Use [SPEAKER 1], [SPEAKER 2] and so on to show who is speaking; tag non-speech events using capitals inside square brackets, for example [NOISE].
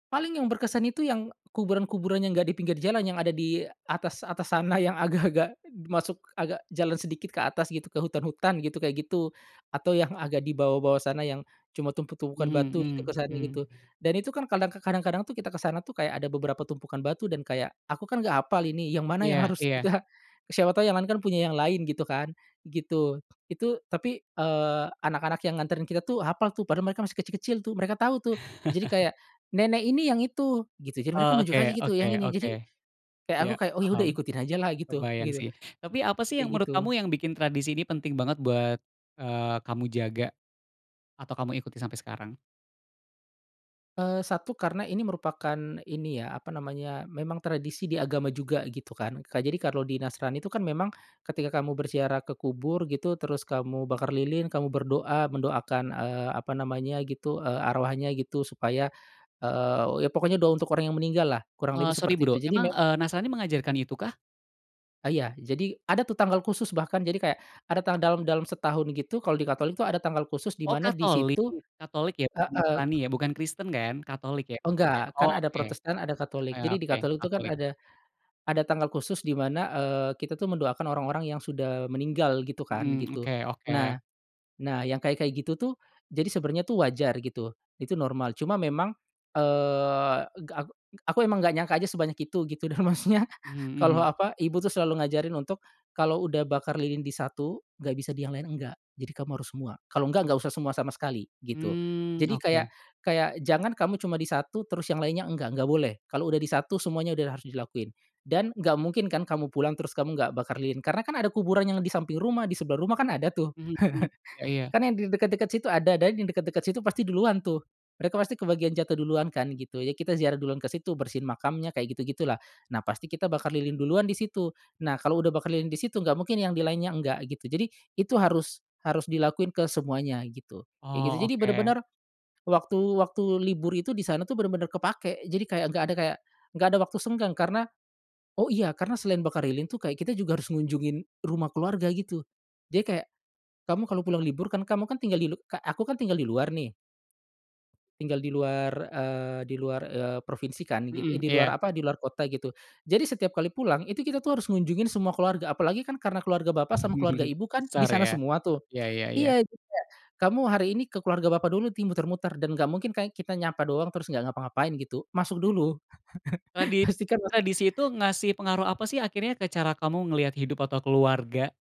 [SPEAKER 1] Paling yang berkesan itu yang kuburan-kuburan yang nggak dipinggir jalan, yang ada di atas-atas sana, yang agak-agak masuk agak jalan sedikit ke atas gitu, ke hutan-hutan gitu, kayak gitu. Atau yang agak dibawah-bawah sana, yang cuma tumpuk-tumpukan
[SPEAKER 2] Mhm,
[SPEAKER 1] batu gitu,
[SPEAKER 2] mmm,
[SPEAKER 1] kesannya
[SPEAKER 2] mhm.
[SPEAKER 1] gitu. Dan itu kan kadang ka kadang-kadang tuh kita ke sana tuh kayak ada beberapa tumpukan batu dan kayak, aku kan nggak hafal ini yang mana yang
[SPEAKER 2] Iya
[SPEAKER 1] harus
[SPEAKER 2] iya.
[SPEAKER 1] kita siapa tahu yang lain kan punya yang lain gitu kan, gitu. Itu tapi, eee, anak-anak yang nganterin kita tuh hafal tuh, padahal mereka masih kecil-kecil tuh, mereka tahu, tuh. Jadi,
[SPEAKER 2] [CHUCKLES]
[SPEAKER 1] kayak, "Nenek ini yang itu." Gitu. Jadi, mereka
[SPEAKER 2] Oh,
[SPEAKER 1] nunjuk aja
[SPEAKER 2] oke
[SPEAKER 1] gitu,
[SPEAKER 2] oke
[SPEAKER 1] yang ini,
[SPEAKER 2] oke.
[SPEAKER 1] jadi, kayak aku
[SPEAKER 2] Ya,
[SPEAKER 1] kayak, "Oh, ya udah,
[SPEAKER 2] paham.
[SPEAKER 1] ikutin aja lah" Gitu,
[SPEAKER 2] Kebayang,
[SPEAKER 1] begitu.
[SPEAKER 2] sih. Tapi, apa sih
[SPEAKER 1] Kayak
[SPEAKER 2] yang menurut kamu
[SPEAKER 1] gitu.
[SPEAKER 2] yang bikin tradisi ini penting banget buat, eee, kamu jaga? Atau kamu ikuti sampai sekarang?
[SPEAKER 1] Eee, satu karena ini merupakan ini ya, apa namanya, memang tradisi di agama juga gitu kan, Kak, jadi kalau di Nasrani tuh kan memang ketika kamu berziarah ke kubur gitu, terus kamu bakar lilin, kamu berdoa, mendoakan, eee, apa namanya, gitu, eee, arwahnya gitu, supaya eee, ya pokoknya doa untuk orang yang meninggal lah, kurang lebih
[SPEAKER 2] Eee, sori
[SPEAKER 1] seperti itu.
[SPEAKER 2] Bro,
[SPEAKER 1] Jadi,
[SPEAKER 2] emang,
[SPEAKER 1] me
[SPEAKER 2] eee, Nasrani mengajarkan itu, kah?
[SPEAKER 1] Ah, iya. Jadi, ada tuh tanggal khusus bahkan. Jadi, kayak, ada tanggal dalam dalam setahun gitu, kalau di Katolik tuh ada tanggal khusus di
[SPEAKER 2] Oh,
[SPEAKER 1] mana di
[SPEAKER 2] Katolik?
[SPEAKER 1] situ
[SPEAKER 2] Katolik, ya?
[SPEAKER 1] heeh.
[SPEAKER 2] [UNINTELLIGIBLE] bukan Kristen, kan? Katolik, ya?
[SPEAKER 1] Oh,
[SPEAKER 2] Iya,
[SPEAKER 1] enggak,
[SPEAKER 2] oh,
[SPEAKER 1] kan ada
[SPEAKER 2] oke.
[SPEAKER 1] Protestan, ada
[SPEAKER 2] Ah,
[SPEAKER 1] Katolik.
[SPEAKER 2] ya,
[SPEAKER 1] Jadi, di
[SPEAKER 2] oke,
[SPEAKER 1] Katolik tuh kan
[SPEAKER 2] Katolik.
[SPEAKER 1] ada ada tanggal khusus di mana, eee, kita tuh mendoakan orang-orang yang sudah meninggal, gitu kan,
[SPEAKER 2] Mhm,
[SPEAKER 1] gitu.
[SPEAKER 2] oke oke.
[SPEAKER 1] Nah nah yang kayak-kayak gitu tuh jadi, sebenernya tuh wajar, gitu, itu normal. Cuma memang, eee, ge ak aku emang nggak nyangka aja sebanyak itu gitu, dan maksudnya
[SPEAKER 2] Mhm
[SPEAKER 1] kalau
[SPEAKER 2] mhm.
[SPEAKER 1] apa, ibu tuh selalu ngajarin untuk, kalau udah bakar lilin di satu, nggak bisa di yang lain, enggak. Jadi, kamu harus semua. Kalau enggak, enggak usah semua sama sekali, gitu.
[SPEAKER 2] Mmm,
[SPEAKER 1] Jadi, kayak
[SPEAKER 2] oke.
[SPEAKER 1] kayak jangan kamu cuma di satu, terus yang lainnya enggak, enggak boleh. Kalau udah di satu, semuanya udah harus dilakuin. Dan nggak mungkin kan kamu pulang, terus kamu nggak bakar lilin? Karena kan ada kuburan yang di samping rumah, di sebelah rumah, kan ada tuh,
[SPEAKER 2] Mhm mhm, iya
[SPEAKER 1] [CHUCKLES]
[SPEAKER 2] iya.
[SPEAKER 1] kan yang di deket-deket situ ada, dan yang deket-deket situ pasti duluan tuh. Mereka pasti kebagian jatuh duluan kan, gitu. Ya, kita ziarah duluan ke situ, bersihin makamnya, kayak gitu-gitu lah. Nah, pasti kita bakar lilin duluan di situ. Nah, kalau udah bakar lilin di situ, nggak mungkin yang di lainnya enggak, gitu. Jadi, itu harus harus dilakuin ke semuanya, gitu. Kayak gitu.
[SPEAKER 2] Oh,
[SPEAKER 1] Jadi,
[SPEAKER 2] oke.
[SPEAKER 1] bener-bener, waktu waktu libur itu, di sana tuh bener-bener kepakai. Jadi, kayak, nggak ada kayak nggak ada waktu senggang, karena oh, iya, karena selain bakar lilin tuh, kayak kita juga harus ngunjungin rumah keluarga, gitu. Dia kayak, kamu kalau pulang libur, kan kamu kan tinggal di lu ka aku kan tinggal di luar nih tinggal di luar eee, di luar, eee, provinsi kan git
[SPEAKER 2] Mhm,
[SPEAKER 1] i di luar
[SPEAKER 2] iya.
[SPEAKER 1] apa, di luar kota, gitu. Jadi setiap kali pulang, itu kita tuh harus ngunjungin semua keluarga. Apalagi kan karena keluarga bapak, sama keluarga
[SPEAKER 2] [CHUCKLES]
[SPEAKER 1] ibu kan di
[SPEAKER 2] Besar,
[SPEAKER 1] sana
[SPEAKER 2] ya?
[SPEAKER 1] semua tuh
[SPEAKER 2] Ya ya ya.
[SPEAKER 1] iya, jadi kayak, kamu hari ini ke keluarga bapak dulu ti muter-muter. Dan nggak mungkin kay kita nyapa doang, terus nggak ngapa-ngapain gitu, masuk dulu,
[SPEAKER 2] Tradi
[SPEAKER 1] [LAUGHS] pasti kan mas
[SPEAKER 2] tradisi itu ngasih pengaruh apa sih akhirnya ke cara kamu ngelihat hidup atau keluarga?